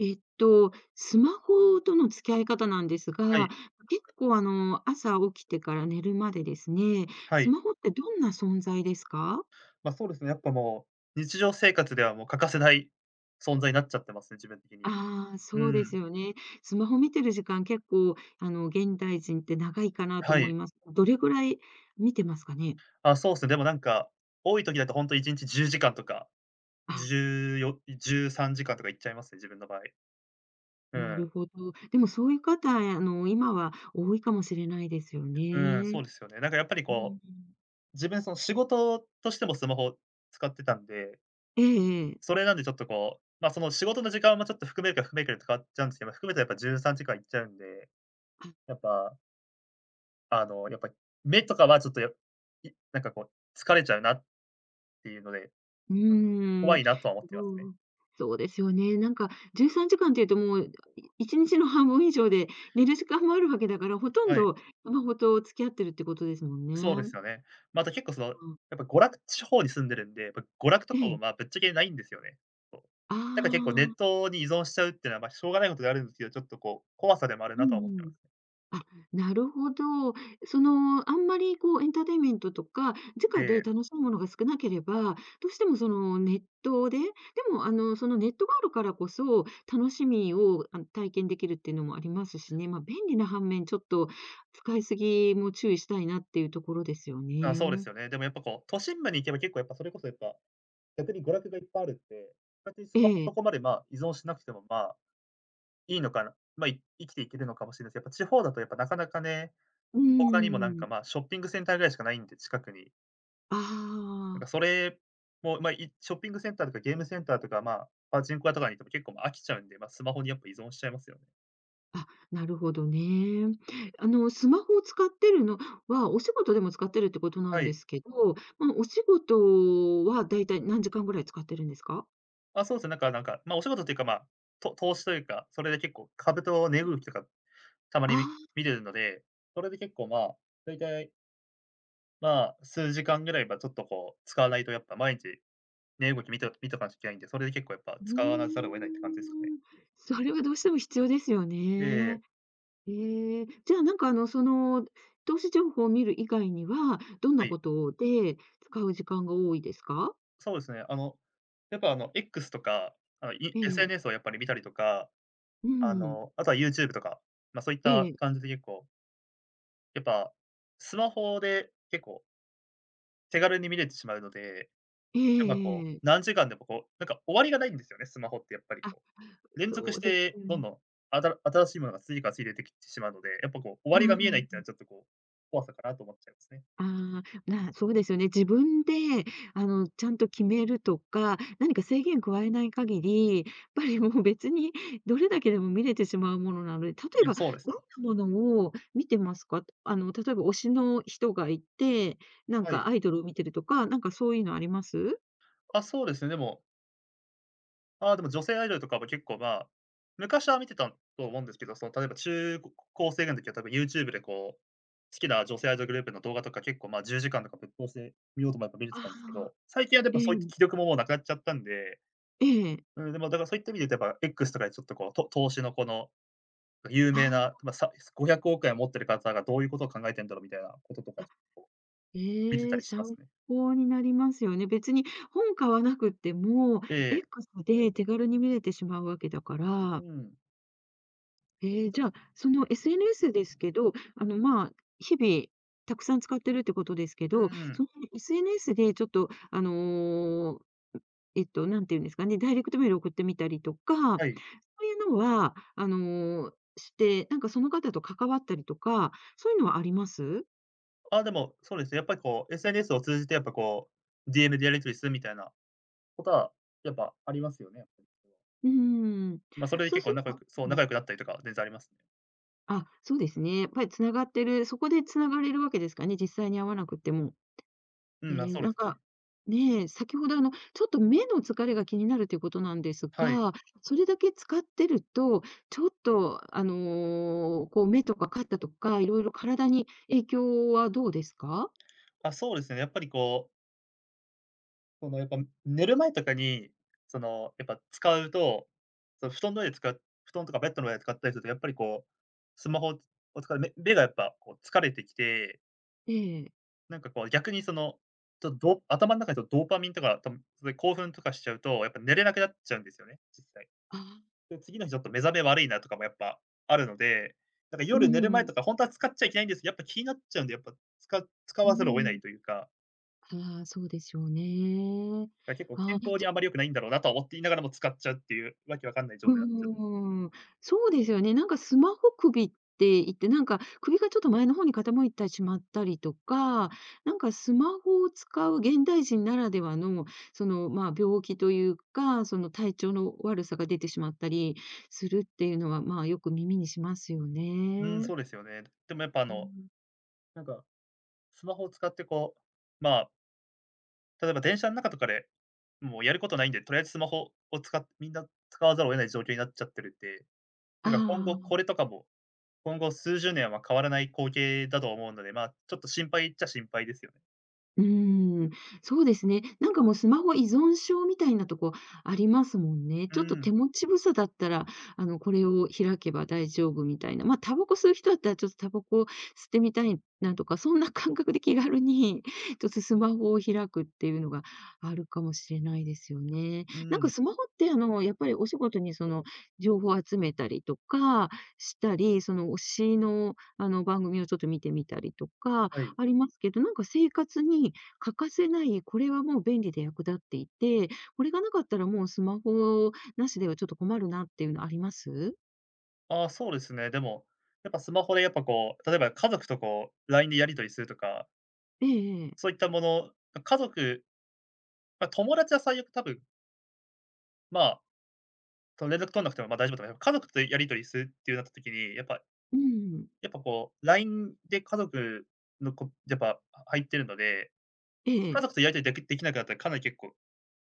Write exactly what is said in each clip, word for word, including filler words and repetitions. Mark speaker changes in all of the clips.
Speaker 1: えっと、スマホとの付き合い方なんです
Speaker 2: は
Speaker 1: が、
Speaker 2: い。
Speaker 1: 結構あの朝起きてから寝るまでですね、
Speaker 2: は
Speaker 1: ス
Speaker 2: い。
Speaker 1: マホってどんな存在ですか？
Speaker 2: ま、そうですね、やっぱもう、日常生活ではもう欠かせない存在になっちゃってますね、自分的に。
Speaker 1: ああ、
Speaker 2: う
Speaker 1: そうです
Speaker 2: ん。
Speaker 1: よね。スマホ見てる時間結構あの現代人って長いかなと
Speaker 2: は
Speaker 1: 思い
Speaker 2: い。
Speaker 1: ます。どれぐらい見てますかね？
Speaker 2: あ、そうす。でもなんか、多い時だとほんといちにちじゅうじかんとか、
Speaker 1: ああ。
Speaker 2: じゅうよい、じゅうさんじかんとかいっちゃいますね、自分の場合。う
Speaker 1: なる
Speaker 2: ん。
Speaker 1: ほど。でもそういう方、あの、今は多いかもしれないですよ
Speaker 2: うん、そ
Speaker 1: ね。
Speaker 2: うですよね。なんかやっぱり
Speaker 1: う
Speaker 2: こ
Speaker 1: ん。
Speaker 2: う、自分その仕事としてもスマホを使ってたんで
Speaker 1: ええええ。
Speaker 2: それなんでちょっとこう、ま、その仕事の時間もちょっと含めるか含めいかで変わっちゃうんすけど、ま、含めとやっぱじゅうさんじかんいっちゃうんで、
Speaker 1: あ。
Speaker 2: やっぱあのやっぱり、目とかはちょっとやい、なんかこう、疲れちゃうなっていうので、
Speaker 1: う ー
Speaker 2: 怖
Speaker 1: ん、
Speaker 2: いなとは思ってます
Speaker 1: そ
Speaker 2: ね。
Speaker 1: う、そうですよね。なんかじゅうさんじかんっていうともういちにちの半分以上で寝る時間もあるわけだから、ほとん
Speaker 2: はい。
Speaker 1: どスマホと付き合ってるってことですもん
Speaker 2: そうで
Speaker 1: ね。
Speaker 2: すよね。ま、あと、結構その
Speaker 1: うん。
Speaker 2: やっぱ娯楽地方に住んでるんで、娯楽と
Speaker 1: え
Speaker 2: かも
Speaker 1: え。
Speaker 2: まあ、ぶっちゃけないんですよね。
Speaker 1: あ
Speaker 2: だか結構ネッ
Speaker 1: あ。
Speaker 2: トに依存しちゃうっていうのはまあ、しょうがないことではあるんですけど、ちょっとこう、怖さでもある
Speaker 1: う
Speaker 2: なとは思って
Speaker 1: ん
Speaker 2: い
Speaker 1: う
Speaker 2: ま
Speaker 1: ん。
Speaker 2: す。
Speaker 1: あ、なるほど。その、あんまりこうエンターテイメントとか、
Speaker 2: え
Speaker 1: 直で
Speaker 2: え。
Speaker 1: 楽しいものが少なければ、どうしてもそのネットで、でもあのそのネットがあるからこそ、楽しみをあの、体験できるっていうのもありますしね、ま、便利な反面、ちょっと使い過ぎも注意したいなっていうところですよ
Speaker 2: あ、そうで
Speaker 1: ね。
Speaker 2: すよね。でもやっぱこう、都心部に行けば結構やっぱそれこそやっぱ、逆に娯楽がいっぱいあるんで、勝手にス
Speaker 1: え
Speaker 2: マホ
Speaker 1: え。
Speaker 2: そこまでまあ、依存しなくても、まあ、いいのかな、ま、い生きていけるのかもしれないす、やっぱ、地方だとやっぱなかなかね、
Speaker 1: うー
Speaker 2: 他にもなんか
Speaker 1: ん。
Speaker 2: まあ、ショッピングセンターぐらいしかないんで、近くに。
Speaker 1: あ
Speaker 2: なんか
Speaker 1: あ。
Speaker 2: それも、まあ、いショッピングセンターとかゲームセンターとか、まあ、パチンコ屋とかに行っても結構飽きちゃうんで、まあスマホによく依存しちゃいますよ。
Speaker 1: あ、なるほどね。あのスマホを使ってるのは、お仕事でも使ってるってことな
Speaker 2: は
Speaker 1: んで
Speaker 2: い。
Speaker 1: すけど、まあお仕事は大体何時間ぐらい使ってるんですか？
Speaker 2: あ、そうすね。なんかなんか、まあお仕事というか、まあ、と投資というか、それで結構株と値動きとか、たま
Speaker 1: あ
Speaker 2: にみ
Speaker 1: あ。
Speaker 2: 見るので、それで結構まあ、だいたいま、数時間ぐらいやっぱちょっとこう、使わないとやっぱ毎日、値動きみて見とかなきゃいけないんで、それで結構やっぱ
Speaker 1: う
Speaker 2: 使わざるを得ないって感じですかね。
Speaker 1: ーん。それはどうしても必要ですよね。
Speaker 2: ええ
Speaker 1: ええ、じゃあ、なんかあの、その投資情報を見る以外には、どん
Speaker 2: は
Speaker 1: なこ
Speaker 2: い。
Speaker 1: とで使う時間が多いですか？
Speaker 2: そうですね。あのやっぱあの X とか、あの、い
Speaker 1: ええええ。
Speaker 2: SNS をやっぱり見たりとか、
Speaker 1: う
Speaker 2: あ
Speaker 1: ん。
Speaker 2: の、あとは YouTube とか、まあそういっ
Speaker 1: えええ
Speaker 2: た
Speaker 1: え。
Speaker 2: 感じで結構やっぱ、スマホで、結構手軽に見れてしまうので、
Speaker 1: えええ
Speaker 2: やっぱ
Speaker 1: え
Speaker 2: こ
Speaker 1: えええ
Speaker 2: う、
Speaker 1: え。
Speaker 2: 何時間でもこう、なんか終わりがないんですよね、スマホってやっぱり
Speaker 1: あ、
Speaker 2: こう、連続
Speaker 1: そ
Speaker 2: し
Speaker 1: うです
Speaker 2: て、どん
Speaker 1: よ。
Speaker 2: どん、あたら新しいものが次から次出てきてしまうので、やっぱこう、終
Speaker 1: う
Speaker 2: わ
Speaker 1: う
Speaker 2: りが見えないっていうのは
Speaker 1: ん。
Speaker 2: ちょっとこう、怖さかなと思っちゃいますね。
Speaker 1: あ、まあ、そうですよね。自分であのちゃんと決めるとか、何か制限を加えない限り、やっぱりもう別にどれだけでも見れてしまうものなので、例
Speaker 2: い
Speaker 1: え
Speaker 2: や、
Speaker 1: ば
Speaker 2: そうです
Speaker 1: どん
Speaker 2: ね。
Speaker 1: なものを見てますか？あの例えば推しの人がいて、なん
Speaker 2: は
Speaker 1: か
Speaker 2: い。
Speaker 1: アイドルを見てるとか、なんかそういうのあります？
Speaker 2: あ、そうですね。でも。あ、でも、女性アイドルとかも結構ま、昔は見てたと思うんですけど、その例えば、中高生の時は多分 YouTube でこう、好きな女性アイドルグループの動画とか結構ま、じゅうじかんとかぶっ通しで見ようと思えば見れて
Speaker 1: あ
Speaker 2: たんですけ
Speaker 1: あ、
Speaker 2: ど、最近はで
Speaker 1: え
Speaker 2: もそういう
Speaker 1: え。
Speaker 2: 気力もなくなっちゃったんで。
Speaker 1: ええ。
Speaker 2: うんでもだからそういった意味でとやっぱ、X とかでちょっと、こうと投資のこの、有名
Speaker 1: ああ。
Speaker 2: な、まあ、さごひゃくおくえんを持ってる方がどういうことを考えてんだろうみたいなこととか、
Speaker 1: あ、
Speaker 2: ちょっと見てた
Speaker 1: ええ、
Speaker 2: りします
Speaker 1: 参
Speaker 2: ね。
Speaker 1: 考になりますよね。別に本買わなくっても、
Speaker 2: ええ。
Speaker 1: X で手軽に見れてしまう訳だか
Speaker 2: うー
Speaker 1: ら。
Speaker 2: ん。
Speaker 1: へえ、じゃあ、その SNS ですけど、あの、ま、日々たくさん使ってるってことですけ
Speaker 2: うー
Speaker 1: ど、
Speaker 2: ん。
Speaker 1: その SNS でちょっと、あの、えっと、何て言うんですかね、ダイレクトメールを送ってみたりとか、
Speaker 2: はい。
Speaker 1: そういうのは、あの、して、なんかその方と関わったりとか、そういうのはあります？
Speaker 2: あ、でも、そうですね。やっぱりこう、SNS を通じてやっぱこう、DM でやり取りするみたいなことは、やっぱありますよね。
Speaker 1: うーん、
Speaker 2: ま、それで
Speaker 1: そう
Speaker 2: 結
Speaker 1: す
Speaker 2: 構
Speaker 1: る
Speaker 2: 仲良
Speaker 1: と
Speaker 2: くそう
Speaker 1: うん。
Speaker 2: 仲良くなったりとか、全然ありますね。
Speaker 1: あ、そうですね。やっぱり繋がってる、そこで繋がれるわけですかね、実際に会わなくっても。
Speaker 2: うん、あ、
Speaker 1: ええ、
Speaker 2: そうで
Speaker 1: なん
Speaker 2: す
Speaker 1: か、
Speaker 2: ね。
Speaker 1: ね、先ほどあのちょっと目の疲れが気になるっていうことなんです
Speaker 2: はい。
Speaker 1: が、それだけ使ってると、ちょっとあの、こう目とか肩とか、いろいろ体に影響はどうですか？
Speaker 2: あ、そうですね。やっぱりこうそのやっぱ、寝る前とかに、その、やっぱ使うと、その布団の上つか布団とかベッドの上で使ったりすると、やっぱりこう、スマホをつ使う、目目がやっぱ、こう疲れてきて。
Speaker 1: ええ。
Speaker 2: なんかこう逆にその、ちょっとド頭の中でドーパミンとか多分興奮とかしちゃうと、やっぱ寝れなくなっちゃうんですよね、実際。
Speaker 1: ああ。
Speaker 2: で次の日ちょっと目覚め悪いなとかもやっぱ、あるので、なんか
Speaker 1: うー
Speaker 2: 夜寝る前
Speaker 1: ん。
Speaker 2: とか本当は使っちゃいけないんです、やっぱ気になっちゃうんでやっぱ、つか使
Speaker 1: うー
Speaker 2: わざるを得な
Speaker 1: ん。
Speaker 2: いというか。
Speaker 1: ああ、そうでしょうねえ。
Speaker 2: 結構
Speaker 1: あ、
Speaker 2: 健康
Speaker 1: じ
Speaker 2: に
Speaker 1: ゃ
Speaker 2: あまり良くないんだろうなと思っていながらも使っちゃうっていう、わけわかんない状
Speaker 1: う
Speaker 2: 態になっちゃう。
Speaker 1: ーん。そうですよね。なんかスマホ首って言って、なんか、首がちょっと前の方に傾いてしまったりとか、なんかスマホを使う現代人ならではの、その、ま、病気というか、その体調の悪さが出てしまったりするっていうのは、まよく耳にしますよ
Speaker 2: うん、
Speaker 1: ね。
Speaker 2: そうですよね。でもやっぱあ
Speaker 1: う
Speaker 2: の、
Speaker 1: ん。
Speaker 2: なんか、スマホを使ってこう、まあ。例えば、電車の中とかで、もうやることないんで、とりあえずスマホを使ってみんな使わざるを得ない状況になっちゃってるんで、
Speaker 1: あ
Speaker 2: なんか今後
Speaker 1: あ。
Speaker 2: これとかも、今後数十年は変わらない光景だと思うので、ま、ちょっと心配っちゃ心配ですよ。
Speaker 1: うーん。そうですね。なんかもうスマホ依存症みたいなとこありますもんね。
Speaker 2: う
Speaker 1: ちょっと
Speaker 2: ーん。
Speaker 1: 手持ちぶさだったら、あの、これを開けば大丈夫みたいな。ま、タバコ吸う人だったら、ちょっとタバコ吸ってみたいなとか、そんな感覚で気軽に、ちょっとスマホを開くっていうのが、あるかもしれないですよね。
Speaker 2: う
Speaker 1: な
Speaker 2: ー
Speaker 1: んか
Speaker 2: ん。
Speaker 1: スマホって、あの、やっぱりお仕事に、その、情報を集めたりとかしたり、その、推しの、あの、番組をちょっと見てみたりとか
Speaker 2: はい。
Speaker 1: ありますけど、なんか生活に欠かせない、これはもう便利で役立っていて、これが無かったら、もうスマホ無しでは、ちょっと困るなっていうのあります？
Speaker 2: あ、そうですね。でも、やっぱスマホでやっぱこう、例えば家族とこう、LINE でやり取りするとか。
Speaker 1: ええええ。
Speaker 2: そういったもの、ま、家族ま、友達は最悪多分まあ、その連絡取んなくても、ま大丈夫だよ家族とやり取りするっていうなった時に、やっぱ、
Speaker 1: うん。
Speaker 2: やっぱこう、LINE で家族のこやっぱ入ってるので。
Speaker 1: え
Speaker 2: 家
Speaker 1: え。
Speaker 2: 族とやり取りだけできなくなったら、かなり結構、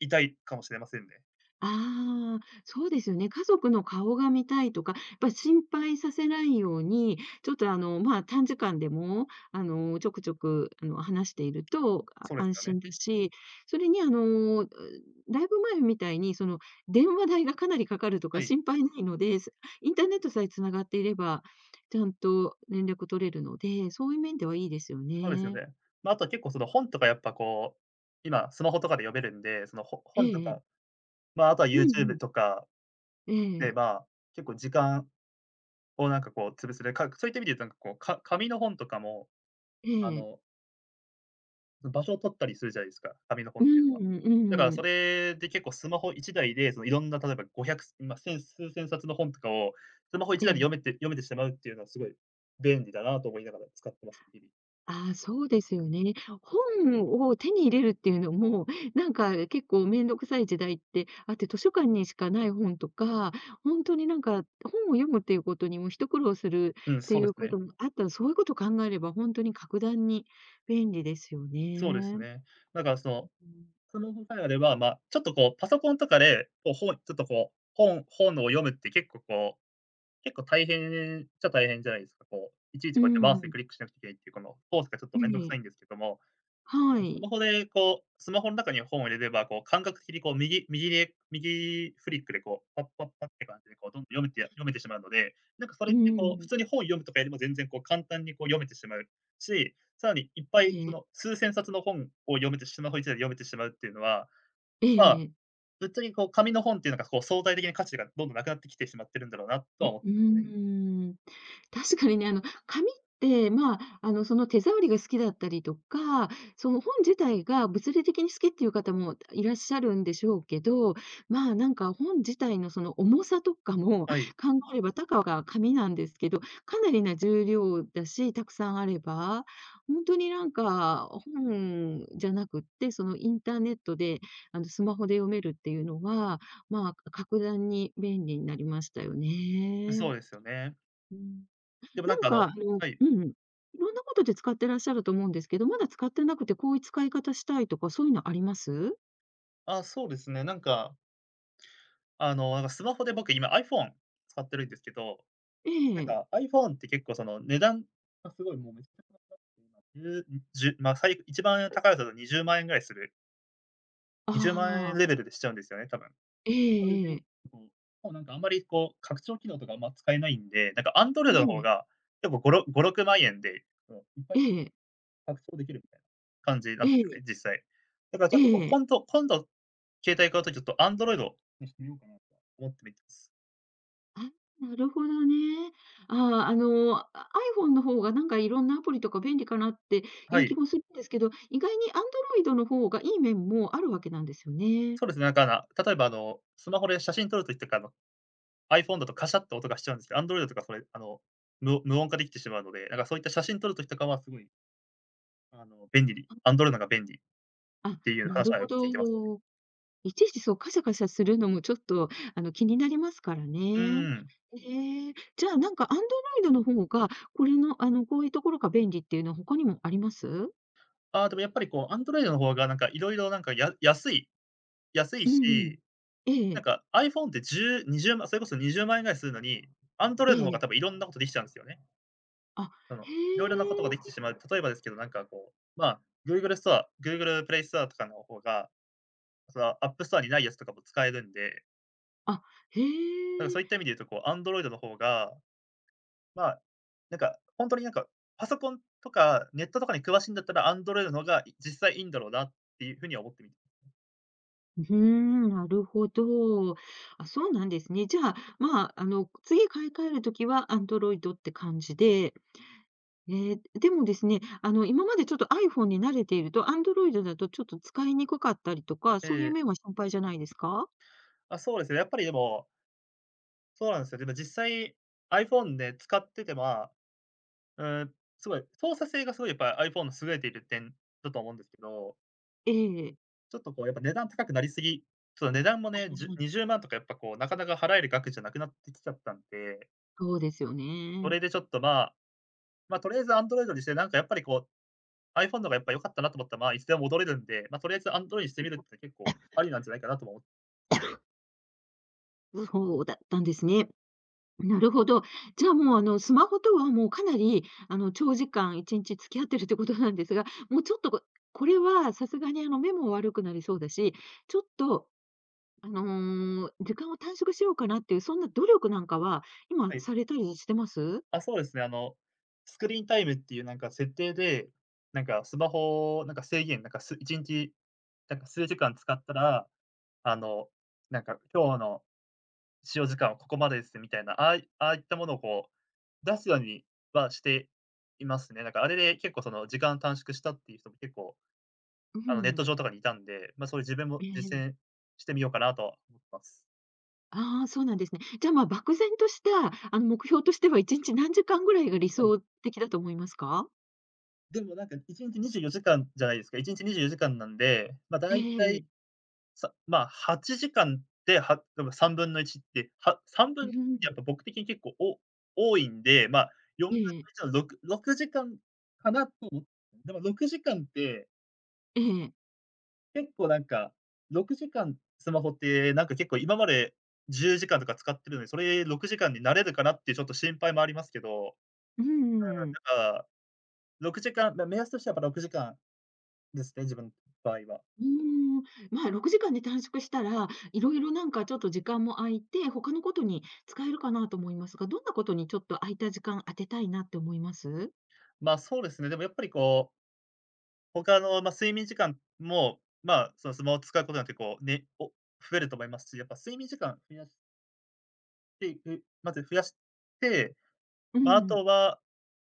Speaker 2: 痛いかもしれませんね。
Speaker 1: ああ、そうですよね。家族の顔が見たいとか、ぱ心配させないように、ちょっとあのま短時間でも、あの、ちょくちょくあの話しているとあ
Speaker 2: そうです
Speaker 1: 安
Speaker 2: よね。
Speaker 1: 心だし。それにあの、だいぶ前みたいに、その電話代がかなりかかると
Speaker 2: は
Speaker 1: か
Speaker 2: い。
Speaker 1: 心配ないので。そインターネットさえ繋がっていれば、ちゃんと連絡取れるので、そういう面ではいいですよ
Speaker 2: そうですよ
Speaker 1: ね。
Speaker 2: ね。まあとは結構その本とかやっぱこう、今スマホとかで読めるんで。そのほ
Speaker 1: ええ
Speaker 2: 本と
Speaker 1: ええ。
Speaker 2: か、ま、あとは
Speaker 1: うんう
Speaker 2: YouTube
Speaker 1: ん。
Speaker 2: とか、
Speaker 1: えええ
Speaker 2: ね、
Speaker 1: え。
Speaker 2: まあ、結構時間をなんかこう、潰すで、かそういった意味でいうとなんかこう、か紙の本とかも、
Speaker 1: え
Speaker 2: あ
Speaker 1: え。
Speaker 2: の場所を取ったりするじゃないですか、紙の本
Speaker 1: う
Speaker 2: っていうのは。
Speaker 1: ん、
Speaker 2: だから
Speaker 1: う
Speaker 2: そ
Speaker 1: ん。
Speaker 2: れで結構スマホいちだいで、そのいろんな例えばごひゃく、まあ数千冊の本とかを、スマホ1
Speaker 1: え
Speaker 2: 台で読
Speaker 1: え。
Speaker 2: めて読めてしまうっていうのはすごい、便利だなと思いながら使っています。日々。
Speaker 1: ああ、そうですよね。本を手に入れるっていうのも、なんか結構面倒くさい時代ってあって、図書館にしかない本とか、本当になんか本を読むっていう事にも一苦労する
Speaker 2: うん、
Speaker 1: って
Speaker 2: そう
Speaker 1: い
Speaker 2: で
Speaker 1: う
Speaker 2: すね。
Speaker 1: 事もあった、そういう事を考えれば本当に格段に便利ですよ
Speaker 2: そうで
Speaker 1: ね。
Speaker 2: すね。なんかその、スマホさえあれば、まあ、ちょっとこう、パソコンとかで、こうほうこうちょっとこう、本本を読むって結構こう、結構大変っちゃ大変じゃないですか。こう、いちい
Speaker 1: う
Speaker 2: ちこうやってマウスで
Speaker 1: ん。
Speaker 2: クリックしなきゃいけないっていうこの、コースがちょっ
Speaker 1: え
Speaker 2: と面倒く
Speaker 1: え。
Speaker 2: さいんですけども。
Speaker 1: は
Speaker 2: ス
Speaker 1: い。
Speaker 2: マホでこう、スマホの中に本を入れれば、こう感覚的にこう右右で右フリックでこうパッパッパッって感じでどんどん読めちゃ読めてしまうので。なんかそれ
Speaker 1: う
Speaker 2: ってこう、普
Speaker 1: ん。
Speaker 2: 通に本を読むとかよりも全然こう簡単にこう読めてしまうし、さらにいっぱいそ
Speaker 1: ええ。
Speaker 2: の数千冊の本を読めてスマホいちだいで読めてしまうっていうのは、
Speaker 1: え
Speaker 2: まあ、
Speaker 1: え。
Speaker 2: ぶっちゃけこう紙の本っていうのがこう相対的な価値がどんどんなくなってきてしまってるんだろうなと
Speaker 1: う
Speaker 2: は
Speaker 1: う
Speaker 2: 思っ
Speaker 1: ー
Speaker 2: てね。
Speaker 1: ん。確かにね、あの紙って、まあ、あのその手触りが好きだったりとか、その本自体が物理的に好きっていう方もいらっしゃるんでしょうけど。まあ、なんか本自体のその重さとかも
Speaker 2: はい。
Speaker 1: 考えれば、たかが紙なんですけど、かなりな重量だし、たくさんあれば。本当になんか本じゃなくって、そのインターネットで、あの、スマホで読めるっていうのは、ま、格段に便利になりましたよね。
Speaker 2: そうですよね。
Speaker 1: うん。
Speaker 2: でもな
Speaker 1: な
Speaker 2: ん
Speaker 1: ん
Speaker 2: かあ
Speaker 1: か、
Speaker 2: の
Speaker 1: あの、
Speaker 2: はい。
Speaker 1: うん、色んなことで使ってらっしゃると思うんですけど、まだ使ってなくて、こういう使い方したいとか、そういうのあります？
Speaker 2: あ、そうですね、なんかあのなんかスマホで僕今 iPhone 使ってるんですけど、な
Speaker 1: え
Speaker 2: ん
Speaker 1: え。
Speaker 2: か、iPhone って結構その値段がすごいもう じゅう、じゅう、まあ、さい一番 高いにじゅうまんぐらいする。にじゅうま
Speaker 1: あ
Speaker 2: ん
Speaker 1: あ。
Speaker 2: レベルでしちゃうんですよね、多分、
Speaker 1: え
Speaker 2: それで、
Speaker 1: えええ。
Speaker 2: うん、なんかあんまりこう、拡張機能とかあんま使えないんで、なんか Android の
Speaker 1: え
Speaker 2: 方
Speaker 1: え。
Speaker 2: が、やっぱごろごろくまんえんで、いっぱ
Speaker 1: え
Speaker 2: い
Speaker 1: え。
Speaker 2: 拡張できるみたいな感じなん
Speaker 1: え
Speaker 2: ですよ
Speaker 1: え。
Speaker 2: ね、実際。だからちょっと
Speaker 1: ええ。
Speaker 2: 今度今度、携帯買うとちょっと Android にしてみようかなとは思ってい
Speaker 1: あ、なるほどね。ああ、あの、iPhone の方がなんかいろんなアプリとか便利かなってい
Speaker 2: は
Speaker 1: う
Speaker 2: い。
Speaker 1: 気もするんですけど、意外に Android の方がいい面もあるわけなんですよね。
Speaker 2: そうですね。例えばあのスマホで写真撮る時とかあの、iPhone だとカシャッと音がしちゃうんですけど、Android とかそれ、あの、む無音化できてしまうので、なんかそういった写真撮る時とかは、すごいあの便利に
Speaker 1: あ、ふ
Speaker 2: Android
Speaker 1: ん。
Speaker 2: のが便利っ
Speaker 1: あ、
Speaker 2: ていう
Speaker 1: な
Speaker 2: 話
Speaker 1: る
Speaker 2: は
Speaker 1: ほ
Speaker 2: よく
Speaker 1: ど。
Speaker 2: 聞いてますね。
Speaker 1: いちいちそうカシャカシャするのもちょっと、あの、気になりますから
Speaker 2: う
Speaker 1: ね。
Speaker 2: ん。
Speaker 1: へえ、じゃあ、なんか Android の方が、これの、あの、こういう所が便利っていうのは他にもあります？
Speaker 2: ああ、でもやっぱりこう、Android の方がなんかいろいろなんかや安い安い
Speaker 1: うんうん。
Speaker 2: し
Speaker 1: えええ
Speaker 2: な
Speaker 1: え。
Speaker 2: んか iPhone ってじゅう、にじゅうまん、それこそにじゅうまんえんぐらいするのに、Android の方
Speaker 1: え
Speaker 2: が
Speaker 1: え。
Speaker 2: たぶんいろんなことできちゃうんですよね。
Speaker 1: あ、
Speaker 2: あの、い
Speaker 1: へ
Speaker 2: ろいろなことができて
Speaker 1: え。
Speaker 2: しまう、例えばですけど、なんかこう、まあ、Google ストア GooglePlay ストアとかの方が、その、AppStore にないやつとかも使えるんで。
Speaker 1: あ、へ
Speaker 2: だからそ
Speaker 1: え。
Speaker 2: ういった意味で言うと、こう Android の方が、まあ、なんか、本当になんか、パソコンとか、ネットとかに詳しいんだったら Android の方が、い実際いいんだろうなっていう風には思っているん
Speaker 1: ふふーん、なるほど。あ、そうなんですね。じゃあ、まあ、あの、次買い換える時は Android って感じで。ええ、でもですね。あの、今までちょっと iPhone に慣れていると、Android だとちょっと使いにくかったりとか、
Speaker 2: え
Speaker 1: そういう
Speaker 2: え。
Speaker 1: 面は心配じゃないですか？
Speaker 2: あ、そうですね。やっぱりでもそうなんですよ。でも実際、iPhone で使ってては、うーん。すごい、操作性が、すごいやっぱ、iPhone 優れている点だと思うんですけど
Speaker 1: ええ。
Speaker 2: ちょっとこう、やっぱ値段高くなりすぎ、ちょっと値段もね、じゅ にじゅうまんとか、やっぱこう、なかなか払える額じゃなくなってきちゃったんで。
Speaker 1: そうですよ
Speaker 2: そ
Speaker 1: ね。
Speaker 2: れでちょっと、まあ、ま、とりあえず Android にして、なんかやっぱりこう、iPhone の方がやっぱり良かったなと思ったら、まあ、いつでも戻れるんで、ま、とりあえずアンドロイにしてみるって、結構、ありなん じゃないかなとは思
Speaker 1: う、そうだったんですね。なるほど。じゃあ、もう、あの、スマホとは、もうかなりあの、長時間いちんち付き合ってるっていうことなんですが、もうちょっと、ここれはさすがにあの目も悪くなりそうだし、ちょっと、あの、時間を短縮しようかなっていう、そんな努力なんかは、今
Speaker 2: はい。
Speaker 1: されたりしてます？
Speaker 2: あ、そうですね。あの、スクリーンタイムっていうなんか設定で、なんかスマホを、なんか制限なんか、すいちんち、なんか数時間使ったら、あの、なんか今日の、使用時間はここまでです。みたいな、ああいああいったものをこう、出すようにはしていますね。なんかあれで、結構その時間短縮したっていう人も、結構、
Speaker 1: う
Speaker 2: あのネット
Speaker 1: ん。
Speaker 2: 上とかにいたんで。ま、そういう自分も
Speaker 1: えええ
Speaker 2: 実
Speaker 1: え。
Speaker 2: 践してみようかなとは、思ってます。
Speaker 1: ああ、そうなんですね。じゃあ、ま、漠然とした、あの、目標としてはいちんち何時間ぐらいが理
Speaker 2: はい。
Speaker 1: 想的だと思いますか？
Speaker 2: でもなんか、いちんちにじゅうよじかんじゃないですか。いちにちにじゅうよじかんなんで、まあ、
Speaker 1: え
Speaker 2: 大体、
Speaker 1: え。
Speaker 2: さまあ、はちじかんで、はでもさんぶんのいちって、は半分
Speaker 1: ん、
Speaker 2: って
Speaker 1: ふん、うん。
Speaker 2: やっぱ僕的に結構お多いんで、まあ、よんぶ
Speaker 1: え
Speaker 2: ん
Speaker 1: ええ
Speaker 2: の
Speaker 1: え。
Speaker 2: いちのろくろくじかん、かなともでも、ろくじかんって。
Speaker 1: ええええ。
Speaker 2: 結構なんか、ろくじかんスマホって、なんか結構今まで、じゅうじかんとか使ってるので、それ、ろくじかんになれるかなってちょっと心配もありますけど、
Speaker 1: うんう
Speaker 2: あ
Speaker 1: んうん。
Speaker 2: あ、だか、ろくじかん、な、目安としてやっぱろくじかんですね、自分場合は。
Speaker 1: うーん、ま、ろくじかんで短縮したら、色々なんかちょっと時間も空いて、他のことに使えるかなと思いますが、どんなことにちょっと空いた時間、当てたいなって思います？
Speaker 2: まあ、そうですね。でもやっぱりこう他のまあ、睡眠時間も、まあ、そのスマオ使うことになって、こう、ね、お増えると思いますし、やっぱ睡眠時間増やしていく。まず増やして、
Speaker 1: う
Speaker 2: まあ、あ
Speaker 1: ん。
Speaker 2: とは、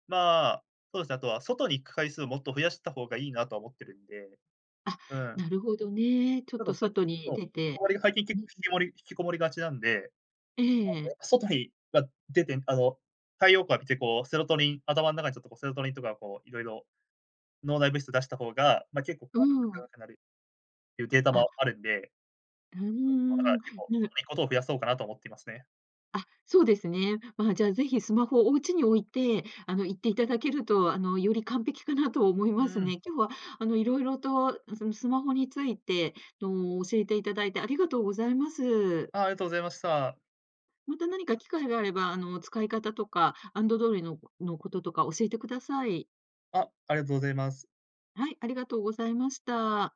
Speaker 2: まあ、そうですね、あとは外に行く回数をもっと増やした方がいいなと思ってるんで、
Speaker 1: あ、
Speaker 2: うん。
Speaker 1: なるほどね。ちょっ
Speaker 2: ちょっ
Speaker 1: と
Speaker 2: と最
Speaker 1: 外
Speaker 2: 近そ
Speaker 1: に
Speaker 2: う、
Speaker 1: 出
Speaker 2: こ
Speaker 1: て。
Speaker 2: もりが最近け
Speaker 1: うんう
Speaker 2: ひき
Speaker 1: ん。
Speaker 2: もり引きこもりがちなんで。なんで
Speaker 1: ええ。
Speaker 2: 外にが出て、あの、太陽光浴びてこうセロトニン頭ん中に、ちょっとセロトニンとかこう、いろいろ脳内物質を出した方が、まあ、結構
Speaker 1: う
Speaker 2: 効果
Speaker 1: ん。
Speaker 2: 高くなるっていうデータも
Speaker 1: あ。
Speaker 2: あるんで。
Speaker 1: うーん、
Speaker 2: 結構、外
Speaker 1: ぬ。
Speaker 2: に行くことを増やそうかなと思っていますね。
Speaker 1: あ、そうですね。まあ、じゃあ、是非スマホをお家に置いて、あの、行っていただけると、あの、より完璧かなと思い
Speaker 2: う
Speaker 1: ます
Speaker 2: ん。
Speaker 1: ね。今日は、あの、色々とそんスマホについてあの、教えていただいてありがとうございます。
Speaker 2: あ、ありがとうございました。
Speaker 1: また何か機会があれば、あの、使い方とか、アンドドイののこととか教えてください。
Speaker 2: あ、ありがとうございます。
Speaker 1: はい、ありがとうございました。